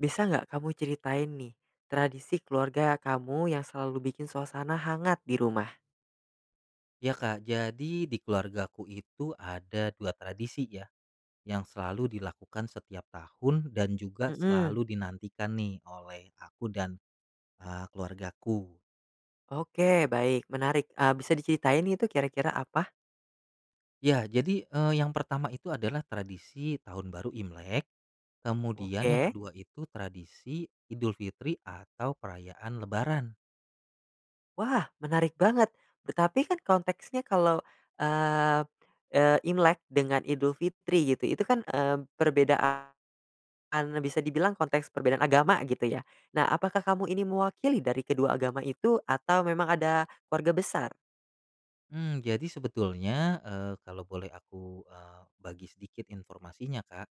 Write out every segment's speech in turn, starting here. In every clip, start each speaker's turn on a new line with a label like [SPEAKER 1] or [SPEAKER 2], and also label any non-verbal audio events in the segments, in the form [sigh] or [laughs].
[SPEAKER 1] Bisa nggak kamu ceritain nih, tradisi keluarga kamu yang selalu bikin suasana hangat di rumah?
[SPEAKER 2] Ya, Kak, jadi di keluargaku itu ada 2 tradisi ya, yang selalu dilakukan setiap tahun, dan juga
[SPEAKER 1] Mmm.
[SPEAKER 2] selalu dinantikan nih, oleh aku dan, eee, keluargaku.
[SPEAKER 1] Oke, baik menarik, eee, bisa diceritain itu kira-kira apa?
[SPEAKER 2] Ya, jadi, eee, yang pertama itu adalah tradisi Tahun Baru Imlek, kemudian yang
[SPEAKER 1] Oke.
[SPEAKER 2] kedua itu tradisi Idul Fitri atau perayaan Lebaran.
[SPEAKER 1] Wah, menarik banget, tetapi kan konteksnya kalau, eee eee, Imlek dengan Idul Fitri gitu, itu kan, mmm, perbedaan bisa dibilang konteks perbedaan agama gitu ya? Nah apakah kamu ini mewakili dari kedua agama itu atau memang ada keluarga besar?
[SPEAKER 2] Mmm, jadi sebetulnya, eee, kalau boleh aku, eee, bagi sedikit informasinya, Kak,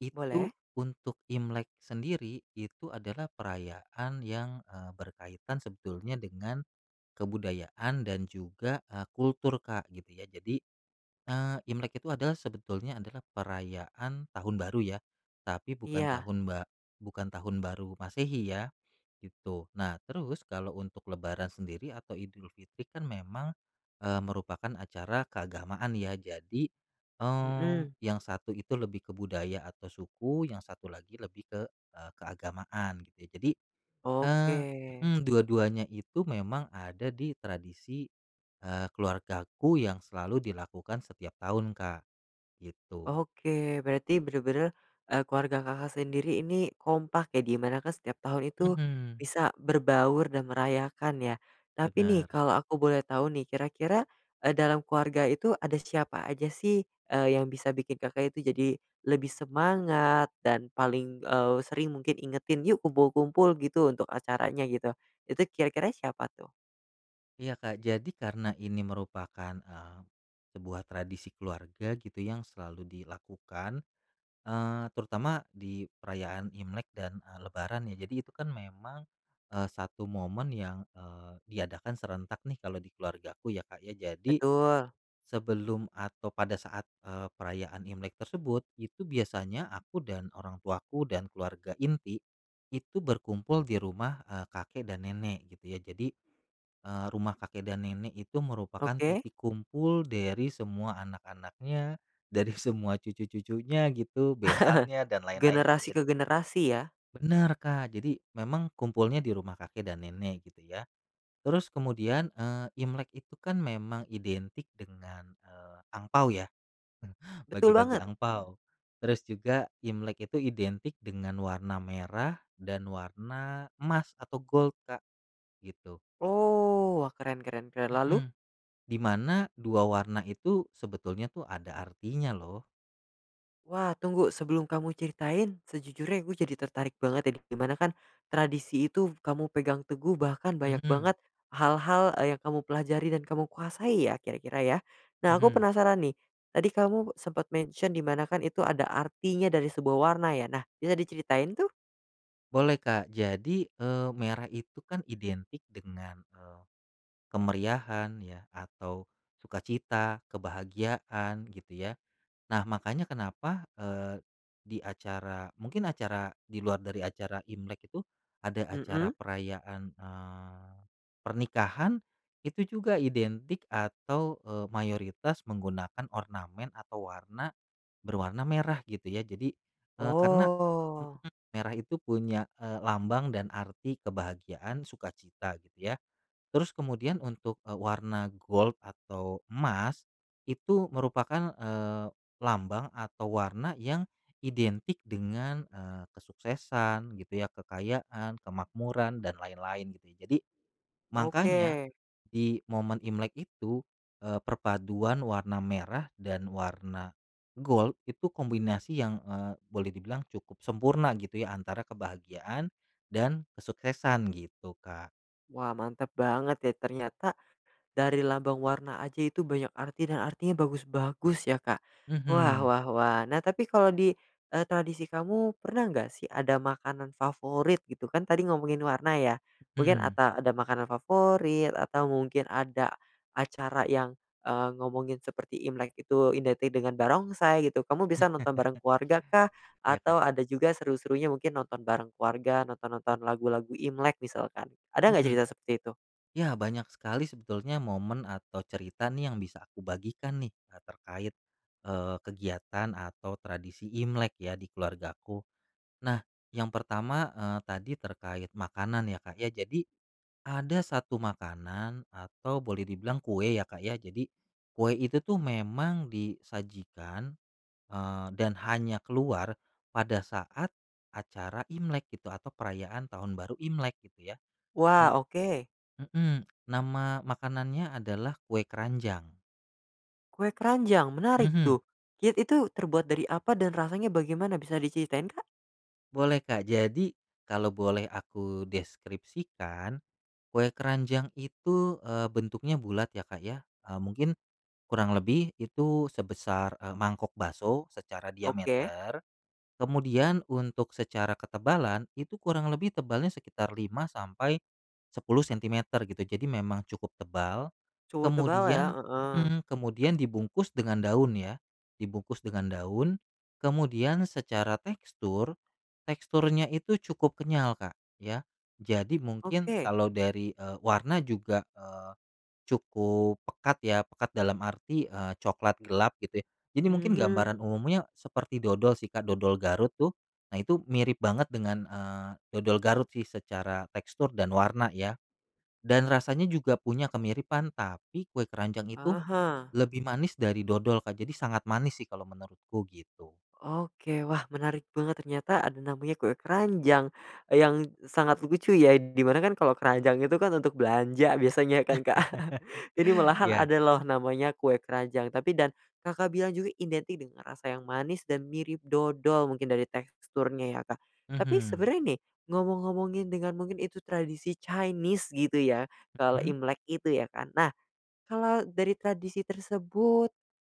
[SPEAKER 2] itu
[SPEAKER 1] Boleh.
[SPEAKER 2] untuk Imlek sendiri itu adalah perayaan yang, eee, berkaitan sebetulnya dengan kebudayaan dan juga, eee, kultur, Kak, gitu ya, jadi, eee, Imlek itu adalah sebetulnya adalah perayaan tahun baru ya, tapi bukan
[SPEAKER 1] Iya.
[SPEAKER 2] tahun ba bukan tahun baru Masehi ya, gitu. Nah terus, kalau untuk lebaran sendiri atau Idul Fitri kan memang, eee, merupakan acara keagamaan ya, jadi, eee,
[SPEAKER 1] Mmm.
[SPEAKER 2] yang 1 itu lebih ke budaya atau suku, yang 1 lagi lebih ke, eee, keagamaan. Ya, jadi, eee,
[SPEAKER 1] Oke.
[SPEAKER 2] mmm, dua-duanya itu memang ada di tradisi, eee, keluargaku yang selalu dilakukan setiap tahun, Kak, gitu.
[SPEAKER 1] Oke, berarti benar-benar, eee, keluarga Kakak sendiri ini kompak ya, di mana kan setiap tahun itu,
[SPEAKER 2] Mmm.
[SPEAKER 1] bisa berbaur dan merayakan ya? Tapi nih,
[SPEAKER 2] Benar.
[SPEAKER 1] kalau aku boleh tahu nih kira-kira, eee, dalam keluarga itu ada siapa aja sih, eee, yang bisa bikin Kakak itu jadi, lebih semangat dan paling, eee, sering mungkin ingetin, "Yuk kumpul-kumpul," gitu, untuk acaranya gitu, itu kira-kira siapa tuh?
[SPEAKER 2] Iya, Kak, jadi karena ini merupakan, eee, sebuah tradisi keluarga gitu yang selalu dilakukan, eee, terutama di perayaan Imlek dan, eee, Lebaran ya. Jadi itu kan memang, eee, satu momen yang, eee, diadakan serentak nih kalau di keluargaku ya, Kak, ya, jadi,
[SPEAKER 1] Betul.
[SPEAKER 2] sebelum atau pada saat, eee, perayaan Imlek tersebut, itu biasanya aku dan orang tuaku dan keluarga inti, itu berkumpul di rumah, eee, kakek dan nenek, gitu ya, jadi, eee, rumah kakek dan nenek itu merupakan
[SPEAKER 1] Oke.
[SPEAKER 2] titik kumpul dari semua anak-anaknya, dari semua cucu-cucunya gitu, besannya
[SPEAKER 1] [chuckles]
[SPEAKER 2] dan lain-lain gitu
[SPEAKER 1] Generasi ke
[SPEAKER 2] jadi
[SPEAKER 1] generasi ya?
[SPEAKER 2] Benar, Kak, jadi memang kumpulnya di rumah kakek dan nenek gitu ya. Terus kemudian, eee, Imlek itu kan memang identik dengan, eee, angpao ya, [chuckles]
[SPEAKER 1] Betul
[SPEAKER 2] bagi-bagi
[SPEAKER 1] banget.
[SPEAKER 2] angpao. Terus juga, Imlek itu identik dengan warna merah dan warna emas atau gold, Kak, gitu.
[SPEAKER 1] Oh, wah keren keren keren, lalu?
[SPEAKER 2] Mmm, di mana 2 warna itu sebetulnya tuh ada artinya loh.
[SPEAKER 1] Wah tunggu sebelum kamu ceritain, sejujurnya gua jadi tertarik banget ya di mana kan, tradisi itu kamu pegang teguh bahkan banyak
[SPEAKER 2] Mmm.
[SPEAKER 1] banget, hal-hal yang kamu pelajari dan kamu kuasai ya, kira-kira ya? Nah aku
[SPEAKER 2] Mmm.
[SPEAKER 1] penasaran nih, tadi kamu sempat mention di mana kan itu ada artinya dari sebuah warna ya, nah bisa diceritain tuh?
[SPEAKER 2] Boleh, Kak, jadi, eee, merah itu kan identik dengan, eee, kemeriahan ya, atau sukacita, kebahagiaan, gitu ya. Nah makanya kenapa, eee, di acara, mungkin acara di luar dari acara Imlek itu, ada acara
[SPEAKER 1] Mmm.
[SPEAKER 2] perayaan, eee, pernikahan, itu juga identik atau, eee, mayoritas menggunakan ornamen atau warna, berwarna merah gitu ya, jadi, eee, karena, m
[SPEAKER 1] Oh.
[SPEAKER 2] m merah itu punya e lambang dan arti kebahagiaan, sukacita gitu ya. Terus kemudian untuk, eee, warna gold atau emas, itu merupakan, eee, lambang atau warna yang identik dengan, eee, kesuksesan gitu ya, kekayaan, kemakmuran dan lain-lain, gitu. Jadi, mangkanya,
[SPEAKER 1] Oke.
[SPEAKER 2] di momen Imlek itu, eee, perpaduan warna merah dan warna gold itu kombinasi yang, eee, boleh dibilang cukup sempurna gitu ya antara kebahagiaan dan kesuksesan, gitu, Kak.
[SPEAKER 1] Wah mantap banget ya ternyata, dari lambang warna aja itu banyak arti dan artinya bagus-bagus ya, Kak. Wah
[SPEAKER 2] Mmm.
[SPEAKER 1] wah wah, nah tapi kalau di, eee, tradisi kamu, pernah nggak sih ada makanan favorit gitu kan tadi ngomongin warna ya, mungkin
[SPEAKER 2] Mmm.
[SPEAKER 1] ata ada makanan favorit atau mungkin ada, acara yang, eee, ngomongin seperti Imlek itu identik dengan barongsai gitu, kamu bisa
[SPEAKER 2] [chuckles]
[SPEAKER 1] nonton bareng keluarga kah?
[SPEAKER 2] Iya, Kak.
[SPEAKER 1] Atau ada juga seru-serunya mungkin nonton bareng keluarga,
[SPEAKER 2] M
[SPEAKER 1] nonton-nonton lagu-lagu Imlek misalkan. Ada ngga
[SPEAKER 2] Mmm.
[SPEAKER 1] cerita seperti itu?
[SPEAKER 2] Ya banyak sekali sebetulnya momen atau cerita nih yang bisa aku bagikan nih, e terkait, eee, kegiatan atau tradisi Imlek ya di keluargaku. Nah, yang pertama, eee, tadi terkait makanan ya, Kak, ya, jadi, ada 1 makanan, atau boleh dibilang kue ya, Kak, ya, jadi, kue itu tuh memang disajikan, eee, dan hanya keluar, pada saat acara Imlek gitu, atau perayaan tahun baru Imlek gitu ya. Na
[SPEAKER 1] Wah, oke.
[SPEAKER 2] mmm, nama makanannya adalah kue keranjang.
[SPEAKER 1] Kue keranjang, menarik
[SPEAKER 2] Mmm.
[SPEAKER 1] tuh, kit itu terbuat dari apa dan rasanya bagaimana bisa diceritain, Kak?
[SPEAKER 2] Boleh, Kak, jadi kalau boleh aku deskripsikan, kue keranjang itu, eee, bentuknya bulat ya, Kak, ya, eee, mungkin, kurang lebih, itu sebesar, eee, mangkok bakso secara
[SPEAKER 1] Oke.
[SPEAKER 2] diameter, kemudian untuk secara ketebalan, itu kurang lebih tebalnya sekitar 5 sampai 10 cm gitu, jadi memang cukup tebal,
[SPEAKER 1] Cukup tebal ya,
[SPEAKER 2] kemudian
[SPEAKER 1] heeh.
[SPEAKER 2] mmm, kemudian dibungkus dengan daun ya, dibungkus dengan daun, kemudian secara tekstur, teksturnya itu cukup kenyal, Kak, ya. Jadi mungkin,
[SPEAKER 1] Oke.
[SPEAKER 2] kalau dari, eee, warna juga, eee, cukup pekat ya, pekat dalam arti, eee, coklat gelap gitu ya. Jadi mungkin
[SPEAKER 1] Mmm.
[SPEAKER 2] gambaran umumnya, seperti dodol sih, Kak, dodol Garut tuh, nah itu mirip banget dengan, eee, dodol Garut sih secara tekstur dan warna ya. Dan rasanya juga punya kemiripan, tapi kue keranjang itu,
[SPEAKER 1] Ah hah.
[SPEAKER 2] lebih manis dari dodol, Kak, jadi sangat manis sih kalau menurutku gitu.
[SPEAKER 1] Oke, wah menarik banget ternyata ada namanya kue keranjang, yang sangat lucu ya, di mana kan kalau keranjang itu kan untuk belanja biasanya kan, Kak,
[SPEAKER 2] [chuckles]
[SPEAKER 1] ini malahan
[SPEAKER 2] Iya.
[SPEAKER 1] ada loh, namanya kue keranjang, tapi dan, Kakak bilang juga identik dengan rasa yang manis dan mirip dodol mungkin dari teksturnya ya, Kak, tapi
[SPEAKER 2] Mmm.
[SPEAKER 1] sebenarnya nih, ngomong-ngomongin dengan mungkin itu tradisi Chinese gitu ya, kalau
[SPEAKER 2] Mmm.
[SPEAKER 1] Imlek itu ya kan, nah, kalau dari tradisi tersebut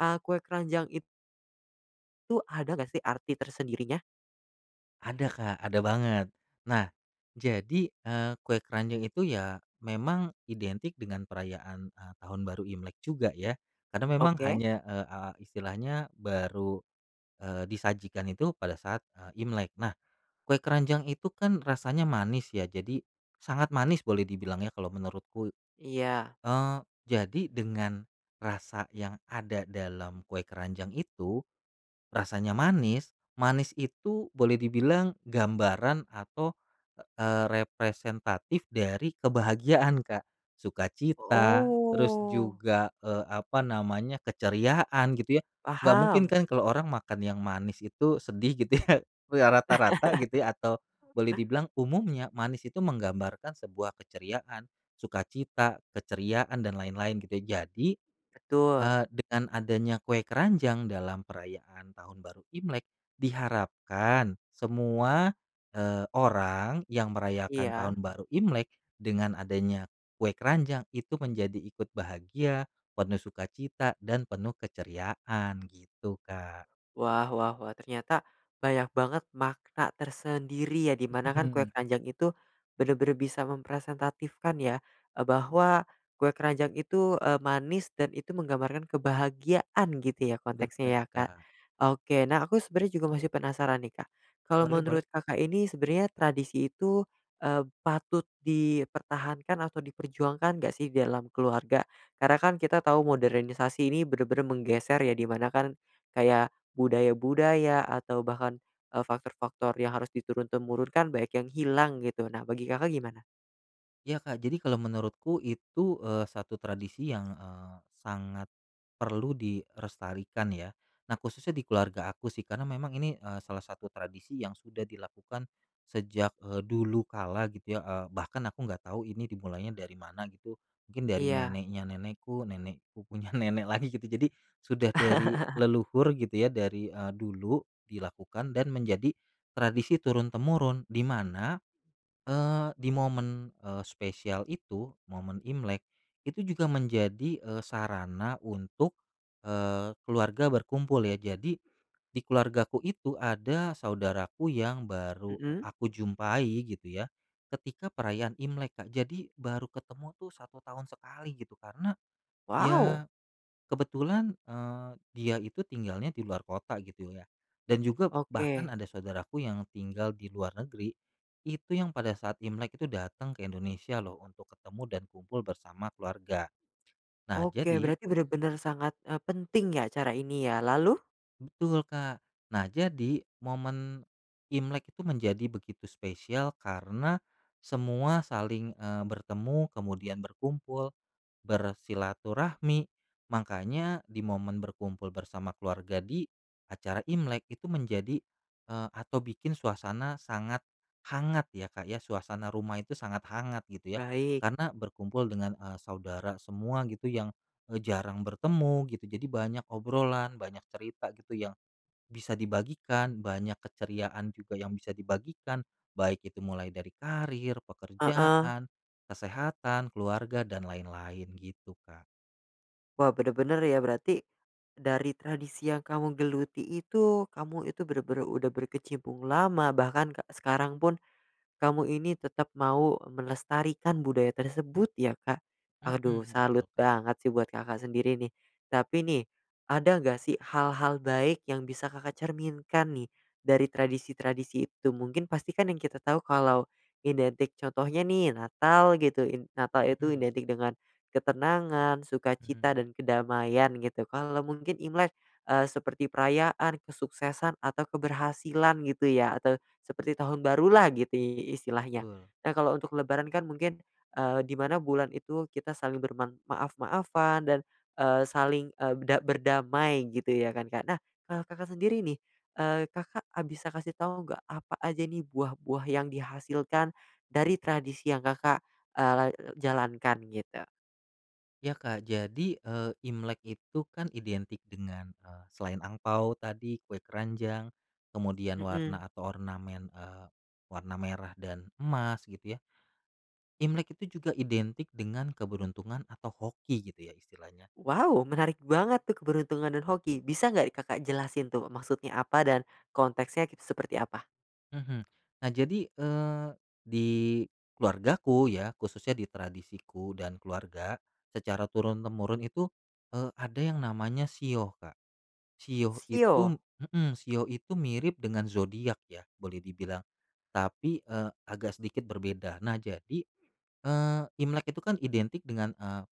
[SPEAKER 1] a kue keranjang it tu ada enggak sih arti tersendirinya?
[SPEAKER 2] Ada, Kak, ada banget. Nah jadi, eee, kue keranjang itu ya memang identik dengan perayaan, eee, Tahun Baru Imlek juga ya, kadang memang
[SPEAKER 1] Oke.
[SPEAKER 2] hanya, eee, a istilahnya baru, eee, disajikan itu pada saat, eee, Imlek. Nah, kue keranjang itu kan rasanya manis ya, jadi sangat manis boleh dibilang ya kalau menurutku,
[SPEAKER 1] Iya.
[SPEAKER 2] eee, jadi dengan rasa yang ada dalam kue keranjang itu, rasanya manis, manis itu boleh dibilang gambaran atau, eee, representatif dari kebahagiaan, Kak, sukacita, terus
[SPEAKER 1] Oh.
[SPEAKER 2] juga, eee, apa namanya, keceriaan gitu ya, nggak mungkin
[SPEAKER 1] Paham.
[SPEAKER 2] kan kalau orang makan yang manis itu sedih gitu ya, we rata-rata gitu ya, atau boleh
[SPEAKER 1] [laughs]
[SPEAKER 2] dibilang umumnya manis itu menggambarkan sebuah keceriaan, sukacita, keceriaan, dan lain-lain gitu, jadi,
[SPEAKER 1] Betul.
[SPEAKER 2] eee, dengan adanya kue keranjang dalam perayaan Tahun Baru Imlek, diharapkan semua, eee, orang yang merayakan
[SPEAKER 1] Iya.
[SPEAKER 2] Tahun Baru Imlek, dengan adanya kue keranjang, itu menjadi ikut bahagia, penuh sukacita, dan penuh keceriaan gitu, Kak.
[SPEAKER 1] Wah wah wah, ternyata banyak banget makna tersendiri ya di
[SPEAKER 2] Hmm,
[SPEAKER 1] mana kan, kue
[SPEAKER 2] mhm.
[SPEAKER 1] keranjang itu benar-benar bisa mempresentatifkan ya, eee, bahwa kue keranjang itu, eee, manis dan itu menggambarkan kebahagiaan gitu ya konteksnya
[SPEAKER 2] Bener,
[SPEAKER 1] ya, Kak.
[SPEAKER 2] Kak.
[SPEAKER 1] Oke, nah aku sebenarnya juga masih penasaran nih, Kak, kalau
[SPEAKER 2] Boleh boleh.
[SPEAKER 1] menurut Kakak ini sebenarnya tradisi itu, eee, patut dipertahankan atau diperjuangkan nggak sih di dalam keluarga? Karena kan kita tau modernisasi ini bener-bener menggeser ya di mana kan, kayak budaya-budaya atau bahkan, eee, faktor-faktor yang harus diturun-temurunkan banyak yang hilang gitu, nah bagi Kakak gimana?
[SPEAKER 2] Ya, Kak, jadi kalau menurutku itu, eee, satu tradisi yang, eee, sangat perlu dilestarikan ya. Nah, khususnya di keluarga aku sih, karena memang ini, eee, salah satu tradisi yang sudah dilakukan sejak, eee, dulu kala gitu ya, eee, bahkan aku nggak tahu ini dimulainya dari mana gitu, mungkin dari
[SPEAKER 1] Iya.
[SPEAKER 2] neneknya nenekku, nenekku punya nenek lagi gitu, jadi sudah dari
[SPEAKER 1] [laughs]
[SPEAKER 2] leluhur gitu ya, dari, eee, dulu dilakukan dan menjadi tradisi turun-temurun, di mana, eee, di momen, eee, spesial itu, momen Imlek, itu juga menjadi, eee, sarana untuk, eee, keluarga berkumpul ya, jadi di keluargaku itu ada saudaraku yang baru
[SPEAKER 1] Mmm.
[SPEAKER 2] aku jumpai gitu ya, ketika perayaan Imlek, Kak, jadi baru ketemu tuh 1 tahun sekali gitu karena,
[SPEAKER 1] Wow.
[SPEAKER 2] ya kebetulan, eee, dia itu tinggalnya di luar kota gitu ya. Dan juga bahkan
[SPEAKER 1] Oke.
[SPEAKER 2] ada saudaraku yang tinggal di luar negeri, itu yang pada saat Imlek tuh datang ke Indonesia loh untuk ketemu dan kumpul bersama keluarga. Nah
[SPEAKER 1] Oke,
[SPEAKER 2] jadi
[SPEAKER 1] berarti bener-bener sangat, eee, penting ya cara ini ya, lalu?
[SPEAKER 2] Betul, Kak. Nah, jadi momen Imlek itu menjadi begitu spesial karena semua saling, eee, bertemu, kemudian berkumpul, bersilaturahmi, makanya di momen berkumpul bersama keluarga di acara Imlek, itu menjadi, eee, atau bikin suasana sangat hangat ya, Kak, ya, suasana rumah itu sangat hangat gitu ya,
[SPEAKER 1] Baik.
[SPEAKER 2] karena berkumpul dengan, eee, saudara semua gitu yang, eee, jarang bertemu gitu, jadi banyak obrolan, banyak cerita gitu yang bisa dibagikan, banyak keceriaan juga yang bisa dibagikan, baik itu mulai dari karier,
[SPEAKER 1] Heeh.
[SPEAKER 2] pekerjaan, kesehatan, keluarga, dan lain-lain gitu, Kak.
[SPEAKER 1] Wah, bener-bener ya berarti, dari tradisi yang kamu geluti itu, kamu itu bener-bener udah berkecimpung lama, bahkan ke sekarang pun kamu ini tetap mau melestarikan budaya tersebut ya, Kak. Aduh,
[SPEAKER 2] Mhm,
[SPEAKER 1] salut
[SPEAKER 2] betul, Kak.
[SPEAKER 1] banget sih buat Kakak sendiri nih, tapi nih, ada nggak sih hal-hal baik yang bisa Kakak cerminkan nih dari tradisi-tradisi itu, mungkin pasti kan yang kita tahu kalau identik, contohnya nih Natal gitu, in Natal itu
[SPEAKER 2] Mhm.
[SPEAKER 1] identik dengan ketenangan, sukacita,
[SPEAKER 2] Mhm.
[SPEAKER 1] dan kedamaian gitu, kalau mungkin Imlek, eee, seperti perayaan, kesuksesan, atau keberhasilan gitu ya, atau seperti tahun barulah gitu i istilahnya.
[SPEAKER 2] Betul.
[SPEAKER 1] Nah, kalau untuk lebaran kan mungkin, eee, di mana bulan itu kita saling berman maaf-maafan, dan, eee, saling, eee, da berdamai gitu ya kan, Kak, nah kalau Kakak sendiri nih, eee, Kakak a bisa kasih tahu nggak, apa aja nih buah-buah yang dihasilkan dari tradisi yang Kakak, eee, la jalankan gitu?
[SPEAKER 2] Ya, Kak, jadi, eee, Imlek itu kan identik dengan, eee, selain angpao tadi, kue keranjang, kemudian
[SPEAKER 1] Mmm.
[SPEAKER 2] warna atau ornamen, eee, warna merah dan emas gitu ya. Imlek itu juga identik dengan keberuntungan atau hoki gitu ya istilahnya.
[SPEAKER 1] Wow! Menarik banget tuh keberuntungan dan hoki, bisa nggak Kakak jelasin tuh maksudnya apa dan konteksnya kit seperti apa?
[SPEAKER 2] Mhm. Nah jadi, eee, di keluargaku ya, khususnya di tradisiku dan keluarga, secara turun-temurun itu, eee, ada yang namanya shio, Kak. Shio itu
[SPEAKER 1] Shio?
[SPEAKER 2] mhm, shio itu mirip dengan zodiak ya boleh dibilang, tapi, eee, agak sedikit berbeda, nah jadi, eee, Imlek itu kan identik dengan, eee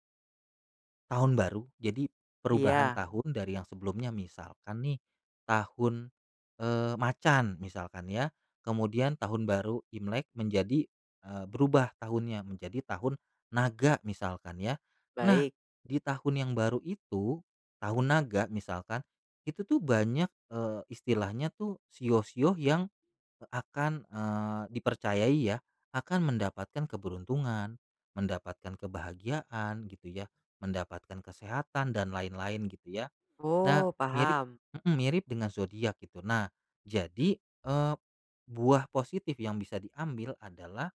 [SPEAKER 2] tahun baru, jadi perubahan
[SPEAKER 1] Iya.
[SPEAKER 2] tahun dari yang sebelumnya, misalkan nih, tahun, eee, macan misalkan ya, kemudian Tahun Baru Imlek menjadi, eee, berubah tahunnya, menjadi Tahun Naga misalkan ya, nah
[SPEAKER 1] Baik.
[SPEAKER 2] di tahun yang baru itu, Tahun Naga misalkan, itu tuh banyak, eee, istilahnya tuh shio-shio yang, eee, akan, eee, dipercayai ya, akan mendapatkan keberuntungan, mendapatkan kebahagiaan gitu ya, mendapatkan kesehatan, dan lain-lain gitu ya, nah
[SPEAKER 1] Oh,
[SPEAKER 2] mirip
[SPEAKER 1] paham.
[SPEAKER 2] mhm, mirip dengan zodiak gitu, nah jadi, eee, buah positif yang bisa diambil adalah,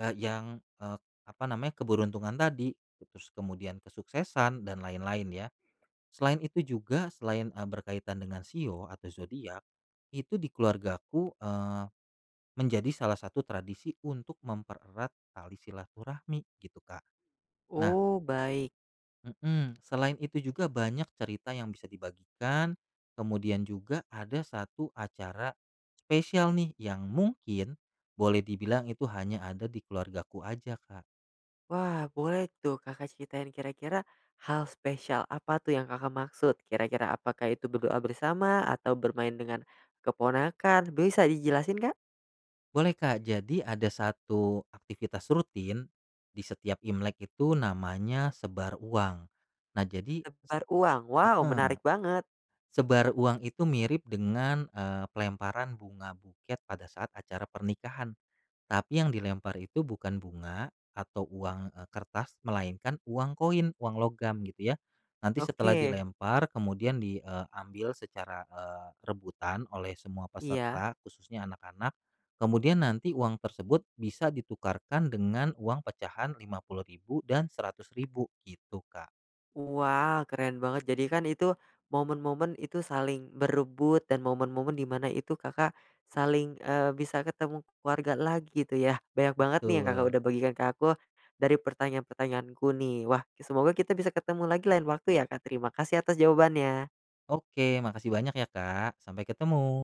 [SPEAKER 2] eee, yang, eee, apa namanya, keberuntungan tadi, terus kemudian kesuksesan, dan lain-lain ya, selain itu juga, selain, eee, berkaitan dengan shio atau zodiak, itu di keluargaku, eee, menjadi salah satu tradisi untuk mempererat tali silaturahmi gitu, Kak. Nah
[SPEAKER 1] Oh, baik.
[SPEAKER 2] Mhm, selain itu juga banyak cerita yang bisa dibagikan, kemudian juga ada satu acara spesial nih yang mungkin boleh dibilang itu hanya ada di keluargaku aja, Kak.
[SPEAKER 1] Wah, boleh tuh Kakak ceritain, kira-kira hal spesial apa tuh yang Kakak maksud, kira-kira apakah itu berdoa bersama, atau bermain dengan keponakan, bisa dijelasin, Kak?
[SPEAKER 2] Boleh, Kak, jadi ada satu aktivitas rutin di setiap Imlek itu namanya sebar uang, nah jadi s
[SPEAKER 1] Sebar uang, wow
[SPEAKER 2] heeh.
[SPEAKER 1] menarik banget.
[SPEAKER 2] Sebar uang itu mirip dengan, eee, pelemparan bunga buket pada saat acara pernikahan, tapi yang dilempar itu bukan bunga atau uang, eee, kertas, melainkan uang koin, uang logam gitu ya, nanti setelah
[SPEAKER 1] Oke.
[SPEAKER 2] dilempar, kemudian di, eee, ambil secara, eee, rebutan oleh semua
[SPEAKER 1] Iya.
[SPEAKER 2] peserta, khususnya anak-anak, kemudian nanti uang tersebut bisa ditukarkan dengan uang pecahan Rp50.000 dan Rp100.000 gitu, Kak.
[SPEAKER 1] Wow, keren banget, jadi kan itu momen-momen itu saling berebut dan momen-momen di mana itu Kakak saling, eee, bisa ketemu keluarga lagi itu ya, banyak banget nih yang Kakak
[SPEAKER 2] Betul.
[SPEAKER 1] udah bagikan ke aku, dari pertanyaan-pertanyaanku nih. Wah, ki semoga kita bisa ketemu lagi lain waktu ya, Kak, terima kasih atas jawabannya.
[SPEAKER 2] Oke, makasih banyak ya, Kak, sampai ketemu.